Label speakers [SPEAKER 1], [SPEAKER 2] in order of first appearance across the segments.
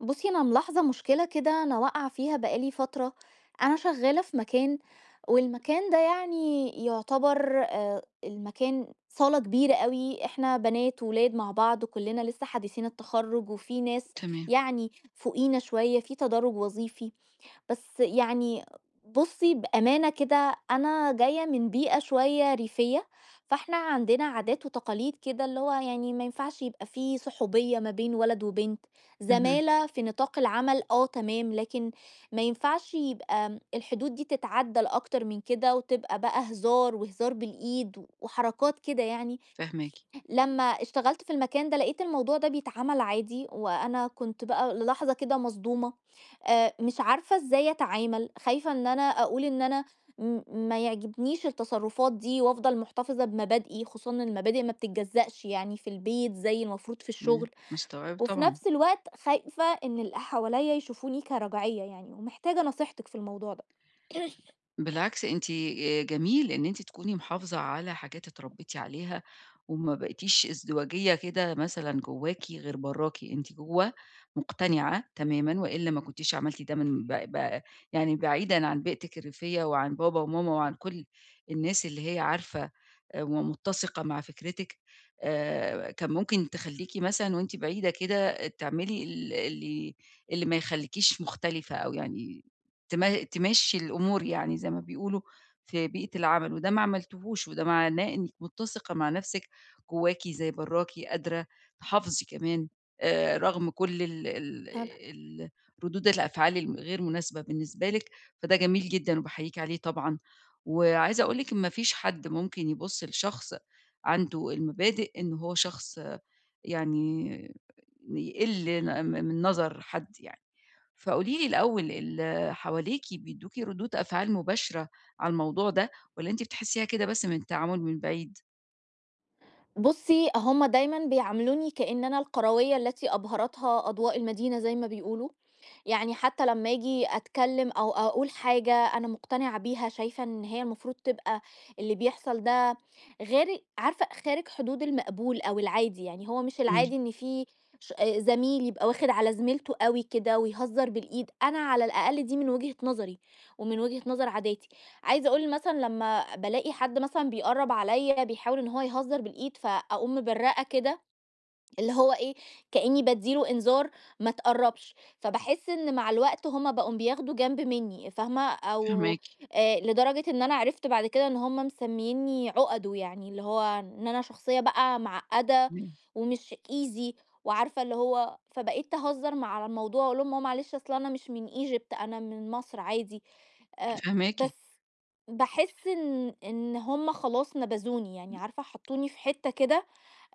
[SPEAKER 1] بُصي أنا ملاحظة مشكلة كده أنا واقعة فيها بقى لي فترة، أنا شغّالة في مكان، والمكان ده يعني يُعتبر، آآ، المكان صالة كبيرة أوي، إحنا بنات وولاد مع بعض وكلنا لسّه حديثين التخرج وفي ناس
[SPEAKER 2] تمام.
[SPEAKER 1] يعني فوقينا شويّة، في تدرّج وظيفي، بس يعني بُصي بأمانة كده، أنا جايّة من بيئة شويّة ريفية، فإحنا عندنا عادات وتقاليد كده، اللي هو يعني ما ينفعش يبقى في صحوبية ما بين ولد وبنت،
[SPEAKER 2] اهم.
[SPEAKER 1] زمالة في نطاق العمل، آه تمام، لكن ما ينفعش يبقى، آمم، الحدود دي تتعدى أكتر من كده وتبقى بقى هزار وهزار بالإيد و وحركات كده يعني،
[SPEAKER 2] فاهماكِ.
[SPEAKER 1] لمّا اشتغلت في المكان ده لقيت الموضوع ده بيتعمل عادي، وأنا كُنت بقى للحظة كده مصدومة، آآ، مش عارفة إزاي أتعامل؟ خايفة إن أنا أقول إن أنا م ما يعجبنيش التصرفات دي وأفضل مُحتَفظة بمبادئي، خصوصًا إن المبادئ ما بتتجزأش يعني، في البيت زي المفروض في
[SPEAKER 2] امم،
[SPEAKER 1] الشغل،
[SPEAKER 2] مستوعبة
[SPEAKER 1] وفي
[SPEAKER 2] طبعًا.
[SPEAKER 1] نفْس الوقت خايفة إن اللي حواليا يشوفوني كرجعية يعني ومحتاجة نصيحتِك في الموضوع ده.
[SPEAKER 2] بالعكس أنتِ، آآ، جميل إن أنتِ تكوني محافظة على حاجات اتربيتِ عليها، وما بقتيش ازدواجية، كده مثلًا جوّاكِ غير برَّاكِ، أنتِ جوّه مقتنعة تمامًا وإلا ما كُنتيش عملتِ ده من ب ب يعني بعيدًا عن بيئتِك الريفية وعن بابا وماما وعن كل الناس اللي هي عارفة، آآ، ومُتسِقة مع فكرتِك، آآ، كان ممكن تخليكِ مثلًا وأنتِ بعيدة كده، تعملي ال اللي اللي ما يخليكيش مختلفة أو يعني تما تمشّي الأمور يعني زي ما بيقولوا، في بيئة العمل، وده ما عملتوهوش، وده معناه إنّك مُتسِقة مع نَفْسك، جوّاكِ زي برَّاكِ، قادرة تحافظي كمان، آآ، رغم كل ال ال
[SPEAKER 1] [unintelligible]
[SPEAKER 2] ال ردود الأفعال ال الغير مناسبة بالنسبة لك، فده جميل جدًا وباحييكٍ عليه طبعًا وعايزة أقول لِك إن ما فيش حد ممكن يبُص لشخص عنده المبادئ، إن هو شخص يعني بيقل ن م من نظر حد يعني. فقولي لي الأوّل ال حواليكِ بيدُّوكِ ردود أفعال مباشرة على الموضوع ده، والّا أنتِ بتحسيها كده بس من التعامل من بعيد؟
[SPEAKER 1] بُصّي، هُم دايمًا بيعاملوني كأن أنا القرويّة التي أبهرتها أضواء المدينة زي ما بيقولوا، يعني حتى لمّا آجي أتكلّم أو أقول حاجة أنا مقتنعة بيها، شايفة إن هي المفروض تبقى اللي بيحصل ده غيري عارفة خارج حدود المقبول أو العادي، يعني هو مش
[SPEAKER 2] إمم.
[SPEAKER 1] العادي إن فيه ش آآ زميل يبقى واخِد على زميلته أوي كده ويهزّر بالإيد. أنا على الأقل دي من وجهة نظَري ومن وجهة نظَر عاداتي. عايزة أقول مثلًا لمّا بالاقي حَد مثلًا بيقرّب عليَّ بيحاول إن هو يهزّر بالإيد فأقوم مبرّقة كده، اللي هو إيه، كأنّي بادّي له إنذار ما تقرّبش، فباحس إن مع الوقت هُم بقوا بياخدوا جنْب منّي، فاهمة، أو
[SPEAKER 2] فاهماكِ.
[SPEAKER 1] آآ لدرجة إن أنا عرِفت بَعد كده إن هُم مسميّيني عُقَدُه يعني، اللي هو إن أنا شخصية بقى معقّدة
[SPEAKER 2] إمم.
[SPEAKER 1] ومش easy وعارفة اللي هو، فبقيت أهزّر م على الموضوع وأقول لهم: "آه معلش أصل أنا مش من Egypt أنا من مصر عادي." أ
[SPEAKER 2] فاهماكِ.
[SPEAKER 1] بس باحس إن إن هُم خلاص نبَذوني يعني، عارفة، حَطّوني في حِتّة كده،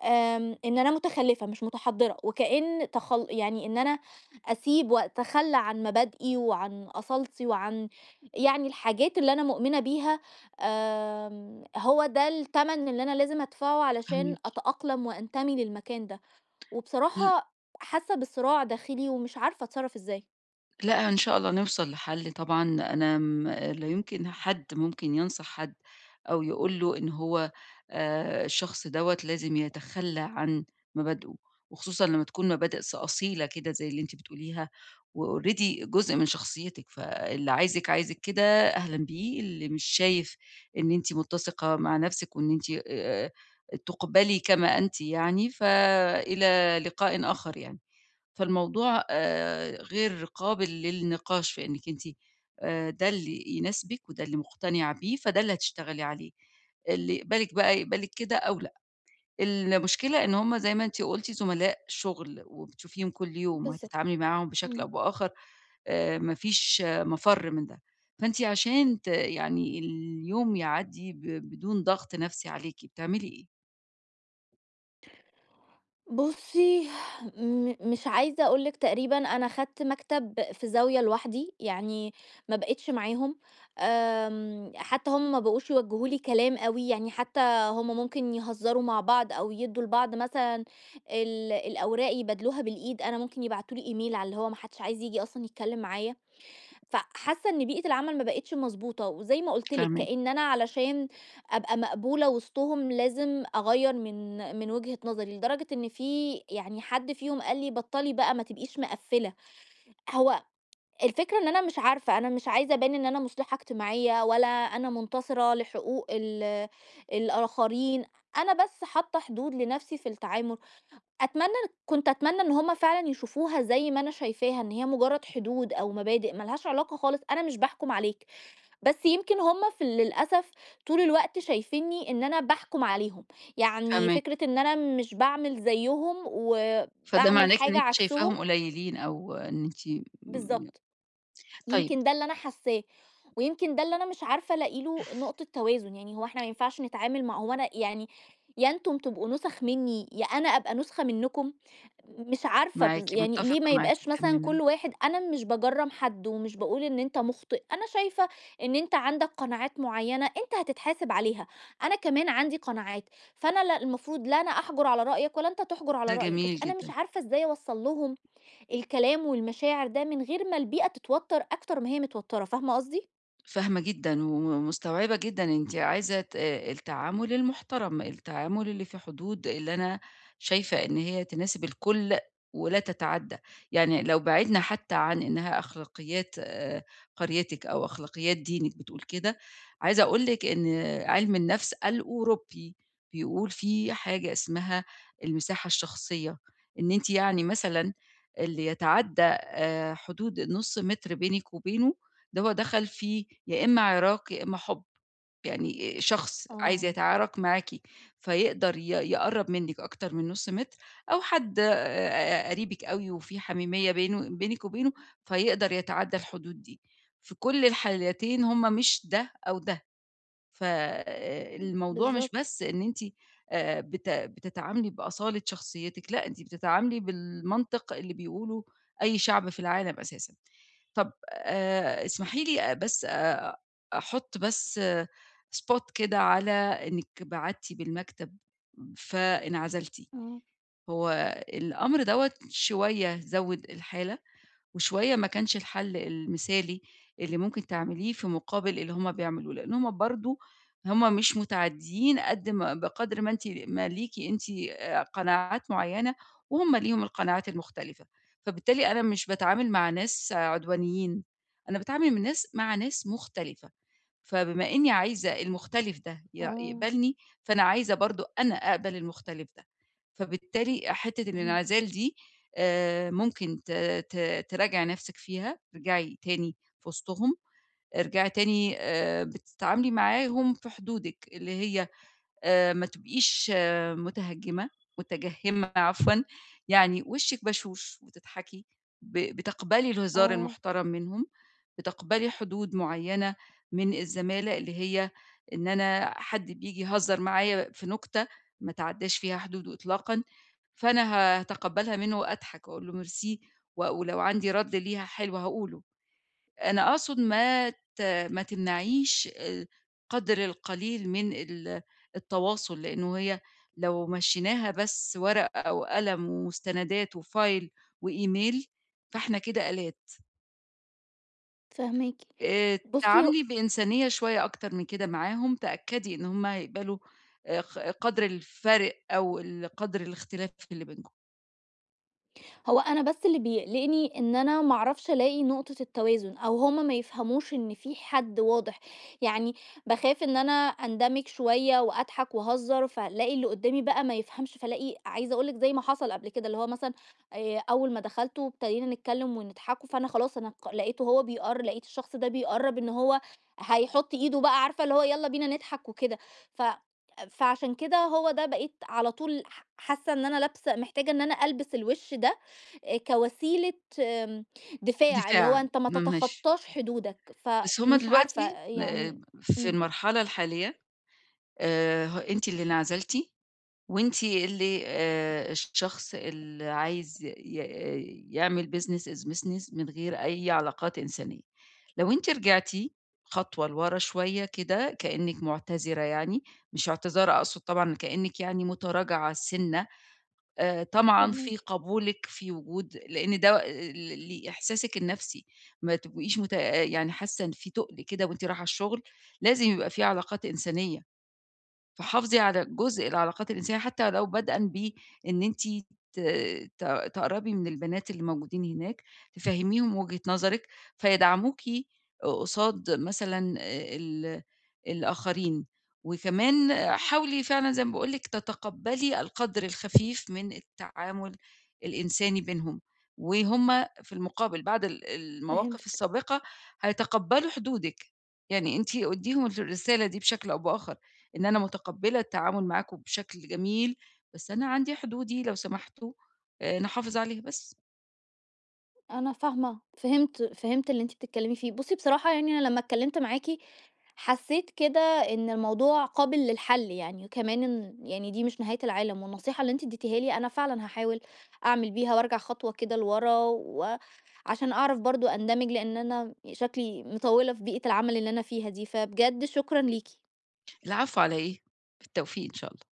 [SPEAKER 1] آمم إن أنا مُتخلِّفة مش مُتحضِّرة وكأن تخل يعني إن أنا أسيب وأتخلّى عن مبادئي وعن أصالتي وعن يعني الحاجات اللي أنا مؤمنة بيها، آمم هو ده التَّمن اللي أنا لازم أدفَعه علشان
[SPEAKER 2] فاهماكِ.
[SPEAKER 1] أتأقلم وأنتمي للمكان ده.
[SPEAKER 2] ل
[SPEAKER 1] وبصراحة حاسّة بصِراع داخِلي ومش عارفة أتصرّف إزاي.
[SPEAKER 2] لأ، إن شاء الله نوصل لحَل طبعًا، أنا م لا يُمكن حد ممكن ينصح حد أو يقول له إن هو آآ الشخص دوّة لازم يتخلَّى عن مبادئه، وخصوصًا لمّا تكون مبادئ ص أصيلة كده زي اللي أنتِ بتقوليها، وalready جزء من شخصيتِك، فاللي عايزِك، عايزِك كده أهلًا بيه، اللي مش شايف إن أنتِ مُتّسِقة مع نَفْسِك وإن أنتِ آآ تُقبلي كما أنتِ يعني، فإلى لقاءٍ آخَر يعني. فالموضوع آآ غير قابل للنِقاش في إنِّك أنتِ آآ ده اللي يناسبِك وده اللي مُقتنعة بيه، فده اللي هتشتغلي عليه. اللي يقبلِك بَقى يقبلِك كده أو لأ. المشكلة إن هم زي ما أنتِ قُلتِ زملاء شُغل وبتشوفيهم كل يوم
[SPEAKER 1] بالضبط.
[SPEAKER 2] وهتتعاملي معاهم بشكل
[SPEAKER 1] إمم.
[SPEAKER 2] أو بآخَر آآ ما فيش مَفَر من ده. فأنتِ عشان ت يعني اليوم يعدّي ب بدون ضغط نَفْسي عليكِ، بتعملي إيه؟
[SPEAKER 1] بُصّي، م مش عايزة أقول لِك تقريبًا أنا خدت مكتب في زاوية لوحدي، يعني ما بقيتش معاهم. آمم حتّى هم ما بقوش يوجّهوا لي كلام أوي، يعني حتّى هم ممكن يهزَّروا مع بعض أو يدّوا لبعض مثلًا ال الأوراق يبادلوها بالإيد، أنا ممكن يبعتوا لي email على اللي هو ما حدّش عايز ييجي أصلًا يتكلِّم معايا. فحاسّة إن بيئة العمل ما بقتش مضبوطة. وزي ما قُلت لِك
[SPEAKER 2] فاهماكِ.
[SPEAKER 1] كإن أنا علشان أبقى مقبولة وِسطهم لازم أغَيَّر من من وجهة نظري، لدرجة إن في يعني حد فيهم قال لي: "بَطّلي بقى ما تبقيش مِقَفِّلة." هو الفكرة إن أنا مش عارفة، أنا مش عايزة أبان إن أنا مُصلِحة إجتماعية ولا أنا مُنتصرة لحقوق ال الآخرين، أنا بس حاطّة حدود لنَفْسي في التعامل. أتمنى كنت أتمنى إن هم فعلًا يشوفوها زي ما أنا شايفاها، إن هي مُجرّد حدود أو مبادئ ما لهاش علاقة خالص، أنا مش باحكُم عليك. بس يمكن هم ف للأسف طول الوقت شايفينّي إن أنا باحكُم عليهم. يعني
[SPEAKER 2] فاهما
[SPEAKER 1] فكرة إن أنا مش باعمل زيّهم
[SPEAKER 2] فده
[SPEAKER 1] وباعمل
[SPEAKER 2] معناه إن
[SPEAKER 1] حاجة
[SPEAKER 2] أنتِ
[SPEAKER 1] عكسهم
[SPEAKER 2] شايفاهم قليّلين أو إن أنتِ م
[SPEAKER 1] بالضبط،
[SPEAKER 2] طيب
[SPEAKER 1] يمكن ده اللي أنا حاسّاه. ويمكن ده اللي أنا مش عارفة ألاقي له نقطة توازن. يعني هو إحنا ما ينفعش نتعامل مع هو أنا يعني يا أنتم تبقوا نُسَخ منّي يا أنا أبقى نُسخة منّكم. مش عارفة
[SPEAKER 2] معاكِ،
[SPEAKER 1] بالض يعني ليه ما
[SPEAKER 2] مُتّفقة معاكِ
[SPEAKER 1] يبقاش مثلًا
[SPEAKER 2] تمامًا.
[SPEAKER 1] كل واحد أنا مش باجَرّم حد ومش باقول إن أنت مُخطِئ، أنا شايفة إن أنت عندك قناعات معيّنة أنت هتتحاسِب عليها. أنا كمان عندي قناعات، فأنا لا المفروض لا أنا أحجُر على رأيك ولا أنت تحجُر على
[SPEAKER 2] ده
[SPEAKER 1] رأيي، بس
[SPEAKER 2] جميل
[SPEAKER 1] أنا مش
[SPEAKER 2] جدًا.
[SPEAKER 1] عارفة إزاي أوَصَّل لهم الكلام والمشاعر ده من غير ما البيئة تتوتَّر أكتر ما هي متوتَّرة، فاهمة قصدي؟
[SPEAKER 2] فاهمة جدًا وم مستوعبة جدًا أنتِ عايزة ت التعامل المحترم، التعامل اللي في حدود اللي أنا شايفة إن هي تناسب الكل ولا تتعدى، يعني لو بعدنا حتى عن إنها أخلاقيات آآ قريتِك أو أخلاقيات دينِك بتقول كده، عايزة أقول لِك إن عِلم النَفْس الأوروبي بيقول فيه حاجة اسمها المساحة الشخصية، إن أنتِ يعني مثلًا اللي يتعدى آآ حدود النُص مِتر بينِك وبينه، ده هو دخَل في يا إمّا عِراك يا إمّا حُب. يعني شخص عايز
[SPEAKER 1] آه.
[SPEAKER 2] يتعارك معاكِ فيقدَر ي يقرّب منِك أكتر من نُص متر، أو حد آآ قَريبِك أوي وفيه حميمية بينه بينِك وبينه فيقدَر يتعدى الحدود دي، في كُلّ الحالتين هُم مش ده أو ده. فالموضوع مش
[SPEAKER 1] بالضبط.
[SPEAKER 2] بس إن أنتِ آآ بت بتتعاملي بأصالة شخصيتِك، لأ، أنتِ بتتعاملي بالمنطق اللي بيقوله أي شعب في العالم أساسًا. طَب آآ اسمحي لي بس آآ أحط بس spot كده على إنِك بعدتِ بالمكتب فانعزلتِ،
[SPEAKER 1] امم.
[SPEAKER 2] هو الأمر دوّة شوية زوّد الحالة، وشوية ما كانش الحل المثالي اللي ممكن تعمليه في مقابل اللي هم بيعملوه، لإن هُم برضه هُم مش متعديين قد ما بقدَر ما أنتِ ما ليكِ أنتِ آآ قَنَاعات معينة، وهُم ليهم القَنَاعات المختلفة؛ فبالتالي أنا مش باتعامل مع ناس عدوانيين، أنا باتعامل من ناس مع ناس مختلفة، فبما إني عايزة المختلف ده ي
[SPEAKER 1] آه.
[SPEAKER 2] يقبَلني، فأنا عايزة برضه أنا أقبَل المختلف ده. فبالتالي حتّة الانعزال
[SPEAKER 1] فهمتِك.
[SPEAKER 2] دي آآ ممكن ت ت تراجَعي نَفْسِك فيها، ارجعي تاني في وِسطهم، ارجعي تاني آآ بتتعاملي معاهم في حدودِك، اللي هي آآ ما تبقيش متهجمة متجهمة عفوًا، يعني وشِك بشوش وتضحكي، ب بتقبَلي الهزار
[SPEAKER 1] آه.
[SPEAKER 2] المحترم منهم، بتقبَلي حدود معينة من الزمالة اللي هي إن أنا حد بييجي يهزر معايا في نُكتة ما تعدّاش فيها حدوده إطلاقًا، فأنا ه هاتقبَلها منه وأضحك وأقول له merci، و ولو عندي رد ليها حلو هاقوله. أنا أقصد
[SPEAKER 1] إمم.
[SPEAKER 2] ما ت ما تمنعيش آآ قَدْر القليل من ال التواصل، لإنه هي لو مشّيناها بس ورقة وقلم ومستندات وfile وemail، فإحنا كده آلات.
[SPEAKER 1] فاهماكِ.
[SPEAKER 2] آآ،
[SPEAKER 1] بُصي هو
[SPEAKER 2] تعاملي بإنسانية شوية أكتر من كده معاهم، تأكدي إن هُم هيقبلوا آآ ق قَدر الفَرق أو ال قَدر الإختلاف اللي بينكم.
[SPEAKER 1] هو أنا بس اللي بيقلقني إن أنا ما أعرفش ألاقي نقطة التوازن، أو هُم ما يفهموش إن في حد واضح. يعني باخاف إن أنا أندمج شوية وأضحك وأهزر، فالاقي اللي قُدامي بَقى ما يفهمش، فالاقي عايزة أقول لِك زي ما حصل قبل كده، اللي هو مثلًا آآ، أول ما دخلت وابتدينا نتكلم ونضحكوا، فأنا خلاص أنا ق لقيته هو بيقر لقيت الشخص ده بيقرّب إن هو هيحط إيده بقى، عارفة اللي هو يالّا بينا نضحك وكده. ف فعشان كده هو ده بقيت على طول ح حاسة إن أنا لابسة محتاجة إن أنا ألبس الوش ده، آآ، كوسيلة آمم، دفاع، اللي هو
[SPEAKER 2] دفاع،
[SPEAKER 1] أنت ما
[SPEAKER 2] م ماشي.
[SPEAKER 1] تتخطاش حدودك.
[SPEAKER 2] بس هُم
[SPEAKER 1] فمش عارفة
[SPEAKER 2] دلوقتي
[SPEAKER 1] يعني
[SPEAKER 2] آآ، في
[SPEAKER 1] إمم.
[SPEAKER 2] المرحلة الحالية آآ، ه أنتِ اللي انعزلتِ، وأنتِ اللي آآ، الشخص اللي عايز ي ي يعمل business is business من غير أي علاقات إنسانية. لو أنتِ رجعتِ خطوة لورا شوية كده كأنِك معتذرة يعني، مش اعتذار أقصد طبعًا، كأنك يعني متراجعة سِنّة آآ، طمعًا في
[SPEAKER 1] فاهماكِ.
[SPEAKER 2] قبولِك في وجود لإن ده ل ل ل لإحساسِك النَفْسي، ما تبقيش مت آآ، يعني حاسة إن في تُقل كده وأنتِ رايحة الشغل، لازم يبقى في علاقات إنسانية. فحافظي على جزء العلاقات الإنسانية حتى لو بدءً بإن أنتِ ت ت تقرّبي من البنات اللي موجودين هناك، تفَهّميهم وجهة نظرِك، فيدعموكِ ق قصاد مثلًا آآ، ال الآخرين. وكمان حاولي فعلًا زي ما باقول لِك تتقبلي القَدر الخفيف من التعامل الإنساني بينهم، وهُم في المقابل بعد ال المواقف
[SPEAKER 1] فهمتِك.
[SPEAKER 2] السابقة هيتقبلوا حدودِك. يعني أنتِ أديهم الرسالة دي بشكل أو بآخر، إن أنا مُتقبلة التعامل معاكم بشكل جميل، بس أنا عندي حدودي لو سمحتوا آآ، نحافظ عليها بس.
[SPEAKER 1] أنا فاهمة، فهمت فهمت اللي أنتِ بتتكلمي فيه. بُصي بصراحة يعني أنا لمّا اتكلمت معاكِ حسيت كده إن الموضوع قابل للحل يعني، وكمان إن يعني دي مش نهاية العالم. والنصيحة اللي أنتِ اديتيها لي أنا فعلًا هاحاول أعمل بيها وأرجع خطوة كده لورا و عشان أعرف برضو أندمج، لأن أنا شكلي مطوّلة في بيئة العمل اللي أنا فيها دي، فبجد شكرًا ليكِ.
[SPEAKER 2] العفو على إيه، بالتوفيق إن شاء الله.